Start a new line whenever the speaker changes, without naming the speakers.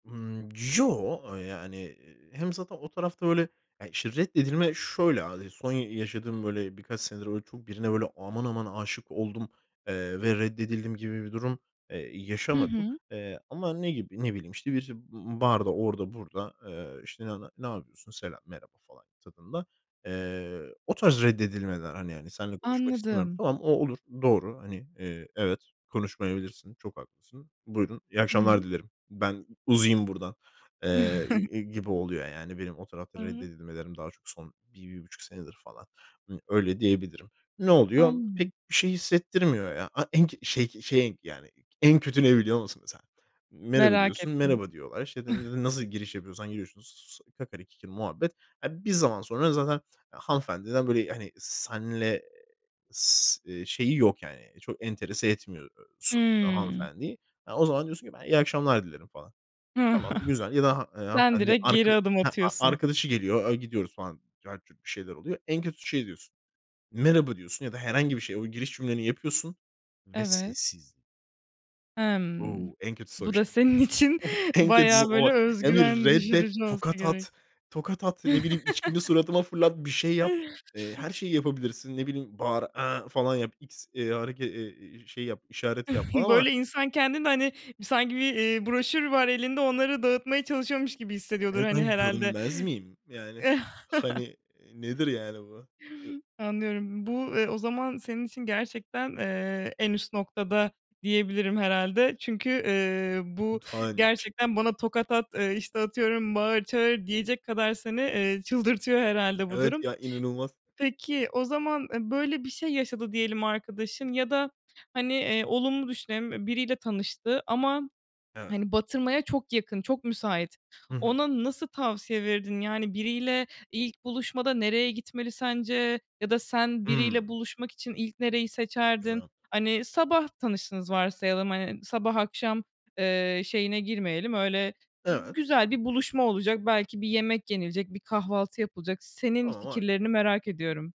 Imm. Yo, eee, yani hem zaten o tarafta böyle, eee, işte reddedilme şöyle [unintelligible] Son yaşadığım böyle birkaç senedir böyle çok birine böyle aman aman âşık oldum, eee, ve reddedildim gibi bir durum, eee,
Hı
yaşamadım.
hı.
Eee, ama ne gibi? Ne bileyim, işte, bir b barda, orada burada, eee, işte, ne ne "ne yapıyorsun, selam, merhaba" falan tadında, eee, o tarz reddedilmeler hani yani, "Seninle konuşmak istemiyorum."
Anladım.
Tamam, o olur, doğru hani, eee, evet konuşmayabilirsin, çok haklısın. "Buyurun, iyi
Hı
akşamlar
hı.
dilerim. Ben uzayayım buradan." eee, g g gibi oluyor yani benim o tarafta
Hı hı.
reddedilmelerim daha çok son 1-1,5 senedir falan. Imm, öyle diyebilirim. Ne oluyor?
Anladım.
Pek bir şey hissettirmiyor ya. A eng şey şeyin yani en kötü ne biliyor musun mesela? "Merhaba"
Merak
diyorsun,
ettim.
"merhaba" diyorlar. İşte, n n nasıl giriş yapıyorsan giriyorsunuz. [unintelligible] Kakari kikiri muhabbet. Eee, bir zaman sonra zaten hanımefendiden böyle, hani, seninle s eee, şeyi yok yani çok enterese etmiyor so
Hımm.
hanımefendiyi. E, o zaman diyorsun ki, "Ben iyi akşamlar dilerim." falan. Tamam, güzel ya da ha eee,
Sen
hanımefendi
direkt
arka
geri adım
heh, a
atıyorsun.
arkadaşı geliyor, eee, gidiyoruz falan. Cart curt bir şeyler oluyor. En kötüsü şey diyorsun. "Merhaba" diyorsun ya da herhangi bir şey. O giriş cümleni yapıyorsun. Ve
Evet.
sessiz.
Emm.
O. En kötüsü o
Bu da
işte.
senin için
O en kötüsü
bayağı böyle
o. Ya bir
özgüven
reddet.
düşürücü olsa
Tokat
gerek.
at. Tokat at, ne bileyim, içkini suratıma fırlat. Bir şey yap. Eee, her şeyi yapabilirsin. Ne bileyim, bağır, "A!" falan yap. X, eee, hareke e e eee, şey yap, işaret yap falan ama
Böyle insan kendini hani sanki bir, eee, broşür var elinde onları dağıtmaya çalışıyormuş gibi hissediyordur, hani,
[unintelligible] Ben
herhâlde.
görünmez miyim? Yani hani nedir yani bu? E
Anlıyorum. Bu, eee, o zaman senin için gerçekten, eee, en üst noktada diyebilirim herhâlde. Çünkü, eee, bu
Utanç.
gerçekten, "Bana tokat at!" eee, işte, atıyorum, "Bağır, çağır!" diyecek kadar seni, eee, çıldırtıyor herhâlde bu
Evet
durum.
ya, inanılmaz.
Peki, o zaman, eee, böyle bir şey yaşadı diyelim arkadaşın ya da hani, eee, olumlu düşünelim, eee, biriyle tanıştı ama,
Evet.
hani, batırmaya çok yakın, çok müsait.
Hı hı.
Ona nasıl tavsiye verirdin? Yani biriyle ilk buluşmada nereye gitmeli sence ya da sen biriyle
Hımm.
buluşmak için ilk nereyi seçerdin?
Güzel.
Hani, sabah tanıştınız varsayalım, hani, sabah akşam, eee, şeyine girmeyelim. Öyle
Evet.
güzel bir buluşma olacak, belki bir yemek yenilecek, bir kahvaltı yapılacak. Senin
[unintelligible]
fikirlerini merak ediyorum.